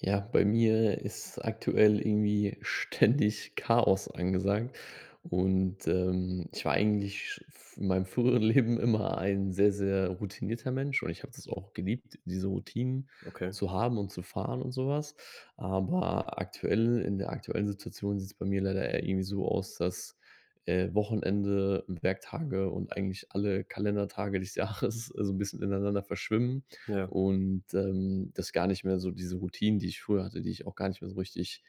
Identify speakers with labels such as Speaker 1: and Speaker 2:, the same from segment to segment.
Speaker 1: Ja, bei mir ist aktuell irgendwie ständig Chaos angesagt und, ähm, ich war eigentlich f in meinem früheren Leben immer ein sehr, sehr routinierter Mensch und ich habe das auch geliebt, diese Routinen
Speaker 2: Okay.
Speaker 1: zu haben und zu fahren und so was. Aber aktuelle in der aktuellen Situation sieht es bei mir leider eher irgendwie so aus, dass, äh, Wochenende, Werktage und eigentlich alle Kalendertage des Jahres so 'n bisschen ineinander verschwimmen
Speaker 2: Ja.
Speaker 1: und, ähm, dass gar nicht mehr so diese Routinen, die ich früher hatte, die ich auch gar nicht mehr so richtig,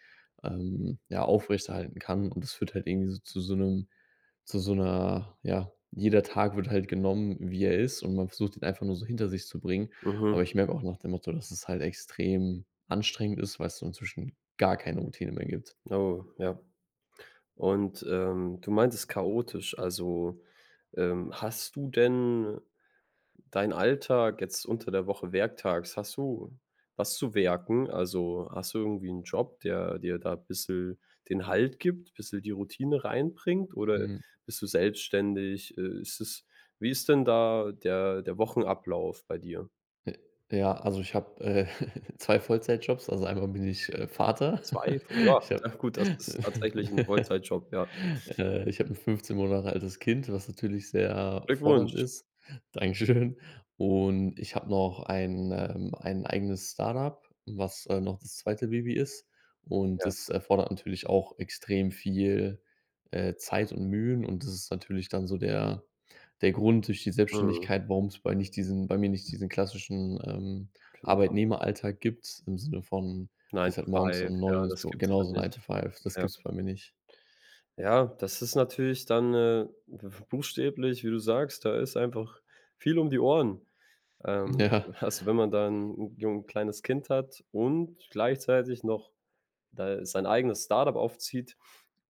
Speaker 1: ähm, ja, aufrechterhalten kann. Und das führt halt irgendwie zu so 'nem zu so 'ner, ja jeder Tag wird halt genommen, wie er ist, und man versucht, ihn einfach nur so hinter sich zu bringen.
Speaker 2: Mhm.
Speaker 1: Aber ich merke auch nach dem Motto, dass es halt extrem anstrengend ist, weil es so inzwischen gar keine Routine mehr gibt.
Speaker 2: Oh ja. Und, ähm, du meintest chaotisch. Also, ähm, hast du denn deinen Alltag jetzt unter der Woche, werktags, hast du was zu werken? Also, hast du irgendwie 'nen Job, der dir da bissel den Halt gibt, bissel die Routine reinbringt, oder
Speaker 1: Mhm.
Speaker 2: bist du selbstständig? Ist es wie ist denn da der der Wochenablauf bei dir?
Speaker 1: Äh, ja, also ich habe, äh, 2 Vollzeitjobs. Also einmal bin ich, äh, Vater.
Speaker 2: 2 Voll ja, gut, das ist tatsächlich 'n Vollzeitjob, ja.
Speaker 1: Äh, ich hab 'n 15 Monate altes Kind, was natürlich sehr fordernd
Speaker 2: Glückwunsch.
Speaker 1: ist. Dankeschön. Und ich habe noch ein ähm, ein eigenes Start-up, was, äh, noch das 2. Baby ist. Und
Speaker 2: Ja.
Speaker 1: das erfordert natürlich auch extrem viel, äh, Zeit und Mühen und das ist natürlich dann so der der Grund durch die
Speaker 2: Mhm.
Speaker 1: Selbstständigkeit, warum es bei nicht diesen bei mir nicht diesen klassischen, ähm,
Speaker 2: Genau.
Speaker 1: Arbeitnehmeralltag gibt, im Sinne von:
Speaker 2: 9
Speaker 1: Gehst
Speaker 2: to
Speaker 1: halt morgens
Speaker 2: 5,
Speaker 1: um
Speaker 2: ja,
Speaker 1: 9 ins
Speaker 2: das
Speaker 1: Büro
Speaker 2: gibt's
Speaker 1: genau,
Speaker 2: da
Speaker 1: so 9 to
Speaker 2: nicht,
Speaker 1: 5 das
Speaker 2: ja.
Speaker 1: gibt es bei mir nicht.
Speaker 2: Ja, das ist natürlich dann, äh, b buchstäblich, wie du sagst, da ist einfach viel um die Ohren. Ähm,
Speaker 1: Ja.
Speaker 2: also wenn man da 'n jung kleines Kind hat und gleichzeitig noch da sein eigenes Start-up aufzieht.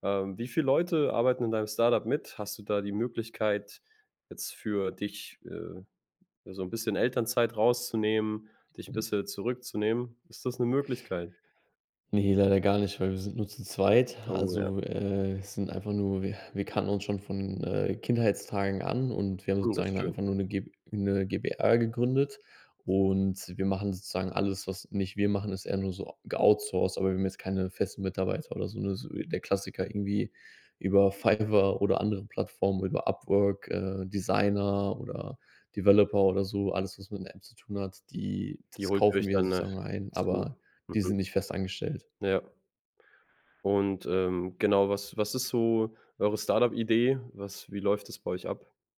Speaker 2: Ähm, wie viel Leute arbeiten in deinem Start-up mit? Hast du da die Möglichkeit, jetzt für dich, äh, so 'n bisschen Elternzeit rauszunehmen, dich 'n
Speaker 1: Mhm.
Speaker 2: bisschen zurückzunehmen? Ist das 'ne Möglichkeit?
Speaker 1: Ne, leider gar nicht, weil wir sind nur zu zweit.
Speaker 2: Oh ja.
Speaker 1: Also, äh, sind einfach nur wir wir kannten uns schon von, äh, Kindheitstagen an und wir haben
Speaker 2: Mhm, das
Speaker 1: sozusagen
Speaker 2: schön.
Speaker 1: einfach nur 'ne Gb 'ne GbR gegründet. Und wir machen sozusagen alles, was nicht wir machen, ist eher nur ge outsourced, aber wir haben jetzt keine festen Mitarbeiter oder so. Ne, so der Klassiker irgendwie über Fiverr oder andere Plattformen, über Upwork, äh, Designer oder Developer oder so, alles, was man mit der App zu tun hat, die
Speaker 2: Die
Speaker 1: das
Speaker 2: holt ihr
Speaker 1: kaufen
Speaker 2: euch
Speaker 1: wir
Speaker 2: dann nach
Speaker 1: sozusagen ein,
Speaker 2: zu.
Speaker 1: aber die
Speaker 2: Mhm.
Speaker 1: sind nicht fest angestellt.
Speaker 2: Ja. Und, ähm, genau, was was ist so eure Start-up-Idee? Was wie läuft das bei euch ab?